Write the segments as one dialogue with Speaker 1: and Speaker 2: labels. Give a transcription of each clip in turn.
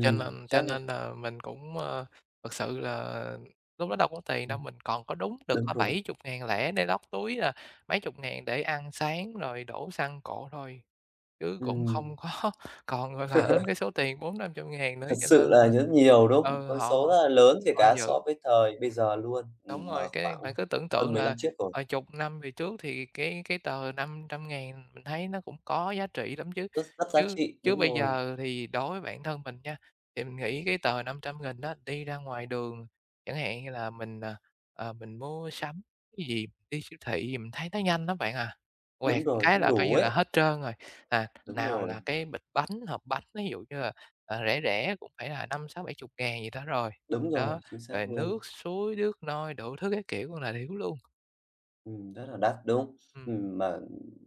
Speaker 1: Cho nên cho
Speaker 2: chắc rồi.
Speaker 1: nên nà mình cũng, ơ, thực sự là lúc đó đâu có tiền
Speaker 2: Ừm.
Speaker 1: đâu, mình còn có đúng được
Speaker 2: Đúng
Speaker 1: có
Speaker 2: rồi.
Speaker 1: 70.000 lẻ để lót túi à, mấy chục ngàn để ăn sáng rồi đổ xăng cộ thôi, chứ cũng
Speaker 2: Ừm.
Speaker 1: không có còn, gọi là, đến cái số tiền 400.000- 500.000 nữa
Speaker 2: Thật
Speaker 1: cho nên
Speaker 2: sự là
Speaker 1: là
Speaker 2: rất nhiều, đúng không?
Speaker 1: ừ,
Speaker 2: Con
Speaker 1: họ
Speaker 2: số
Speaker 1: họ
Speaker 2: rất là lớn kể
Speaker 1: họ
Speaker 2: cả so
Speaker 1: giữ
Speaker 2: với thời bây giờ luôn,
Speaker 1: Đúng
Speaker 2: ừm, mà
Speaker 1: rồi, cái
Speaker 2: khoảng
Speaker 1: bạn cứ tưởng
Speaker 2: hơn
Speaker 1: tượng
Speaker 2: 10 lăm
Speaker 1: là,
Speaker 2: trước rồi.
Speaker 1: ờ, chục năm về trước thì cái cái tờ 500.000 mình thấy nó cũng có giá trị lắm chứ,
Speaker 2: Rất rất giá
Speaker 1: chứ
Speaker 2: trị,
Speaker 1: chứ
Speaker 2: đúng
Speaker 1: bây
Speaker 2: rồi!
Speaker 1: giờ thì đối với bản thân mình nha, thì mình nghĩ cái tờ 500.000 á, đi ra ngoài đường chẳng hạn như là mình, ờ, ờ, mình mua sắm cái gì, đi siêu thị gì mình thấy nó nhanh lắm bạn à. Quẹt
Speaker 2: Đúng rồi,
Speaker 1: cái
Speaker 2: không
Speaker 1: là coi
Speaker 2: đủ
Speaker 1: như là
Speaker 2: ấy.
Speaker 1: hết trơn rồi, à,
Speaker 2: Đúng
Speaker 1: nào là
Speaker 2: rồi.
Speaker 1: cái bịch bánh, hộp bánh, ví dụ như là, ờ, rẻ rẻ cũng phải là 50.000, 60.000, 70.000 gì đó rồi,
Speaker 2: Đúng rồi,
Speaker 1: đó,
Speaker 2: chính xác
Speaker 1: rồi
Speaker 2: luôn!
Speaker 1: nước suối, nước nôi đủ thứ các kiểu con đà điểu luôn.
Speaker 2: Ừm, rất là đắt, đúng.
Speaker 1: Ừm.
Speaker 2: Ừm, mà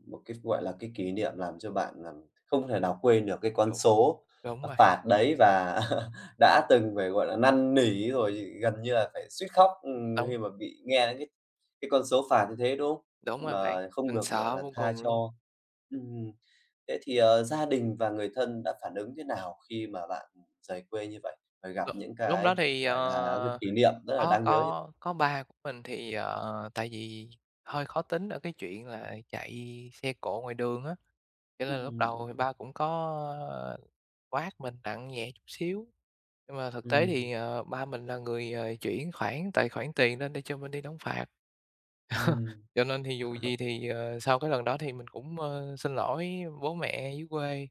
Speaker 2: một cái, gọi là, cái kỷ niệm làm cho bạn, à, không thể nào quên được cái con
Speaker 1: Đúng,
Speaker 2: số,
Speaker 1: đúng
Speaker 2: à,
Speaker 1: rồi!
Speaker 2: phạt đấy và đã từng phải, gọi là, năn nỉ rồi gần như là phải suýt khóc
Speaker 1: Đúng!
Speaker 2: khi mà bị nghe những cái cái con số phạt như thế, đúng không?
Speaker 1: Đúng rồi bạn,
Speaker 2: Mà không
Speaker 1: mình
Speaker 2: được, gọi
Speaker 1: sợ
Speaker 2: là,
Speaker 1: vô
Speaker 2: tha
Speaker 1: cùng luôn.
Speaker 2: cho. Ừm, thế thì, ờ, gia đình và người thân đã phản ứng thế nào khi mà bạn rời quê như vậy, phải gặp
Speaker 1: L
Speaker 2: những
Speaker 1: lúc
Speaker 2: cái,
Speaker 1: đó thì,
Speaker 2: gọi là, cái
Speaker 1: ờ,
Speaker 2: kỷ niệm rất là
Speaker 1: có
Speaker 2: đáng nhớ như vậy?
Speaker 1: có có ba của mình thì, ờ, tại vì hơi khó tính ở cái chuyện là chạy xe cộ ngoài đường á, cho nên là lúc
Speaker 2: Ừm, đúng,
Speaker 1: đầu thì
Speaker 2: đúng.
Speaker 1: ba cũng có quát mình nặng nhẹ chút xíu, nhưng mà thực tế
Speaker 2: Ừm.
Speaker 1: thì, ờ, ba mình là người, ờ, chuyển khoản tài khoản tiền lên để cho mình đi đóng phạt.
Speaker 2: Ừm.
Speaker 1: Cho nên thì dù gì thì, ờ, sau cái lần đó thì mình cũng, ơ, xin lỗi bố mẹ dưới quê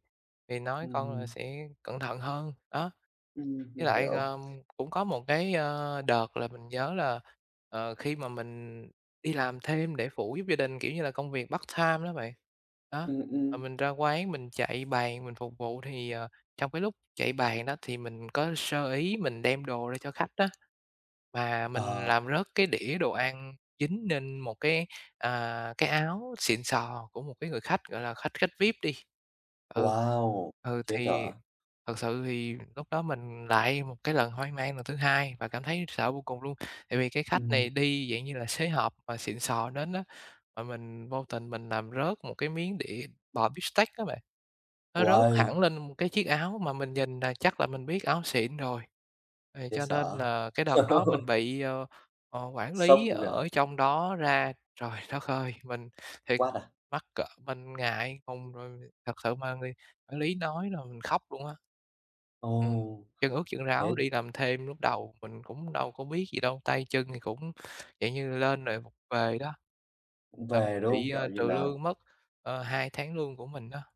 Speaker 1: thì nói: "Con là
Speaker 2: Ừm.
Speaker 1: sẽ cẩn thận hơn" đó.
Speaker 2: Ừm,
Speaker 1: Với
Speaker 2: mình
Speaker 1: lại,
Speaker 2: hiểu!
Speaker 1: ờ, cũng có một cái, ơ, đợt là mình nhớ là, ờ, khi mà mình đi làm thêm để phụ giúp gia đình, kiểu như là, công việc part time đó bạn. Đó,
Speaker 2: Ừm,
Speaker 1: mà
Speaker 2: ừm.
Speaker 1: mình ra quán mình chạy bàn mình phục vụ thì, ờ, trong cái lúc chạy bàn á thì mình có sơ ý mình đem đồ ra cho khách á, mà mình
Speaker 2: Ờ.
Speaker 1: làm rớt cái đĩa đồ ăn dính nên một cái, à, cái áo xịn sò của một cái người khách gọi là khách khách VIP đi. Ừ,
Speaker 2: Wow,
Speaker 1: ừ,
Speaker 2: chết
Speaker 1: thì
Speaker 2: dở!
Speaker 1: thật sự thì lúc đó mình lại một cái lần hoang mang lần thứ hai và cảm thấy sợ vô cùng luôn. Tại vì cái khách này
Speaker 2: Ừm.
Speaker 1: đi, dạng như là, xế hộp mà xịn sò đến á, mà mình vô tình mình làm rớt một cái miếng đĩa bò beefsteak á bạn, nó rớt
Speaker 2: Uầy!
Speaker 1: hẳn lên cái chiếc áo mà mình nhìn là chắc là mình biết áo xịn rồi. Thì
Speaker 2: Chết
Speaker 1: cho nên
Speaker 2: dở.
Speaker 1: là cái đợt đó mình bị, ờ, ờ, quản
Speaker 2: Sốc
Speaker 1: lý
Speaker 2: luôn kìa.
Speaker 1: ở trong đó ra trời đất ơi, mình thiệt
Speaker 2: Quát à?
Speaker 1: mắc cỡ mình ngại ngùng rồi thật sự mà người quản lý nói là mình khóc luôn á. Ừm,
Speaker 2: Ồ!
Speaker 1: chân ướt chân ráo
Speaker 2: thế
Speaker 1: đi làm thêm lúc đầu mình cũng đâu có biết gì đâu, tay chân thì cũng, dạng như, lên rồi vụng về đó.
Speaker 2: Vụng
Speaker 1: Ờm,
Speaker 2: về, đúng hông?
Speaker 1: bị, à,
Speaker 2: Kiểu như
Speaker 1: trừ
Speaker 2: là
Speaker 1: lương mất, ờ, 2 tháng lương của mình đó.